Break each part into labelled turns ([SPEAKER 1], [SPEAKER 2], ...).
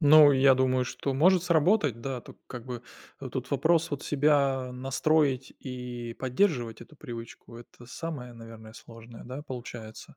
[SPEAKER 1] Ну, я думаю, что может сработать, да. Тут, как бы, тут вопрос себя настроить и поддерживать эту привычку. Это самое, наверное, сложное, да, получается?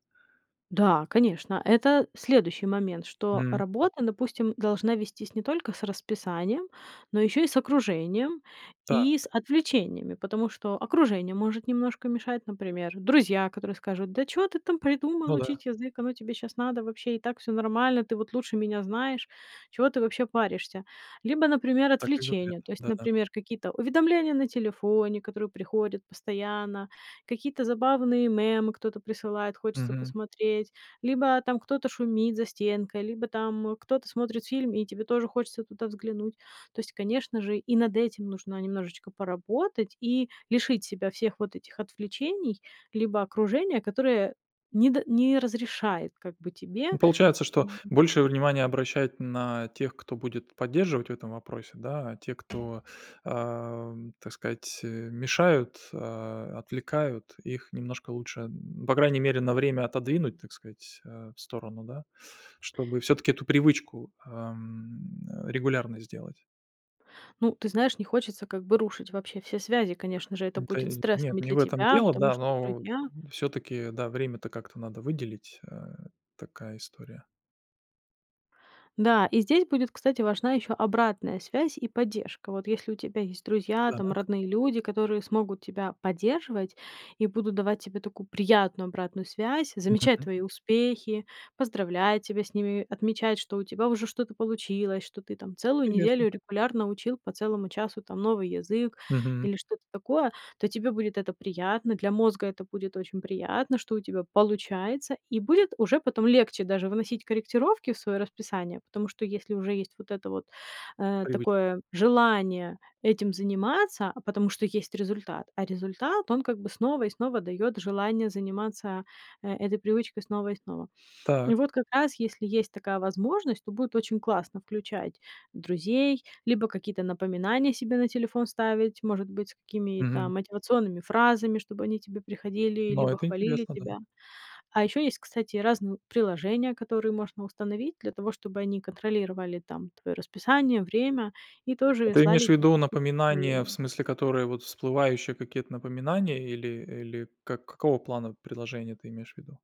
[SPEAKER 2] Да, конечно. Это следующий момент, что
[SPEAKER 1] М.
[SPEAKER 2] работа, допустим, должна вестись не только с расписанием, но ещё и с окружением, и
[SPEAKER 1] Так.
[SPEAKER 2] с отвлечениями, потому что окружение может немножко мешать, например, друзья, которые скажут: "Да чё ты там придумал,
[SPEAKER 1] Ну да.
[SPEAKER 2] учить язык? Оно тебе щас надо вообще? И так всё нормально, ты вот лучше меня знаешь. Чего ты вообще паришься?" Либо, например,
[SPEAKER 1] Так и говорят,
[SPEAKER 2] отвлечения. То есть,
[SPEAKER 1] да-да.
[SPEAKER 2] например, какие-то уведомления на телефоне, которые приходят постоянно, какие-то забавные мемы кто-то присылает, хочется
[SPEAKER 1] Мгм.
[SPEAKER 2] посмотреть, либо там кто-то шумит за стенкой, либо там кто-то смотрит фильм, и тебе тоже хочется туда взглянуть. То есть, конечно же, и над этим нужно немножечко поработать и лишить себя всех вот этих отвлечений, либо окружения, которое не д не разрешает как бы
[SPEAKER 1] Ну,
[SPEAKER 2] тебе
[SPEAKER 1] получается, что
[SPEAKER 2] м
[SPEAKER 1] большее внимание обращать на тех, кто будет поддерживать в этом вопросе, да, а те, кто, ам, так сказать, э, мешают, а, м, отвлекают, их немножко лучше, м, по крайней мере, на время отодвинуть, так сказать, а, в сторону, да? Чтобы всё-таки эту привычку, а, м, э, регулярной сделать.
[SPEAKER 2] Ну, ты знаешь, не хочется как бы рушить вообще все связи. Конечно же, это
[SPEAKER 1] Ну, ко
[SPEAKER 2] будет
[SPEAKER 1] Нет,
[SPEAKER 2] стрессом и
[SPEAKER 1] не
[SPEAKER 2] для
[SPEAKER 1] в этом
[SPEAKER 2] тебя,
[SPEAKER 1] дело,
[SPEAKER 2] потому
[SPEAKER 1] да,
[SPEAKER 2] что
[SPEAKER 1] но
[SPEAKER 2] друзья
[SPEAKER 1] всё-таки, да, время-то как-то надо выделить. А, такая история.
[SPEAKER 2] Да, и здесь будет, кстати, важна ещё обратная связь и поддержка. Вот если у тебя есть друзья, там,
[SPEAKER 1] Так.
[SPEAKER 2] родные люди, которые смогут тебя поддерживать и будут давать тебе такую приятную обратную связь, замечать
[SPEAKER 1] Понятно.
[SPEAKER 2] твои успехи, поздравлять тебя с ними, отмечать, что у тебя уже что-то получилось, что ты там целую
[SPEAKER 1] Понятно.
[SPEAKER 2] неделю регулярно учил по целому часу, там, новый язык
[SPEAKER 1] Мгм.
[SPEAKER 2] или что-то такое, то тебе будет это приятно, для мозга это будет очень приятно, что у тебя получается. И будет уже потом легче даже вносить корректировки в своё расписание, потому что если уже есть вот это вот, э,
[SPEAKER 1] Привычка.
[SPEAKER 2] такое желание этим заниматься, а потому что есть результат, а результат он как бы снова и снова дает желание заниматься, э, этой привычкой снова и снова. И
[SPEAKER 1] Так.
[SPEAKER 2] вот как раз, если есть такая возможность, то будет очень классно включать друзей, либо какие-то напоминания себе на телефон ставить, может быть, с какими-то
[SPEAKER 1] Мгм.
[SPEAKER 2] мотивационными фразами, чтобы они тебе приходили,
[SPEAKER 1] Да,
[SPEAKER 2] либо
[SPEAKER 1] это
[SPEAKER 2] хвалили
[SPEAKER 1] интересно, да.
[SPEAKER 2] тебя. А ещё есть, кстати, разные приложения, которые можно установить для того, чтобы они контролировали, там, твоё расписание, время и тоже
[SPEAKER 1] Ты имеешь
[SPEAKER 2] слали
[SPEAKER 1] в
[SPEAKER 2] тебе
[SPEAKER 1] виду
[SPEAKER 2] какие-то
[SPEAKER 1] напоминания, в
[SPEAKER 2] уведомления.
[SPEAKER 1] смысле, которые вот всплывающие какие-то напоминания или или как какого плана приложения ты имеешь в виду?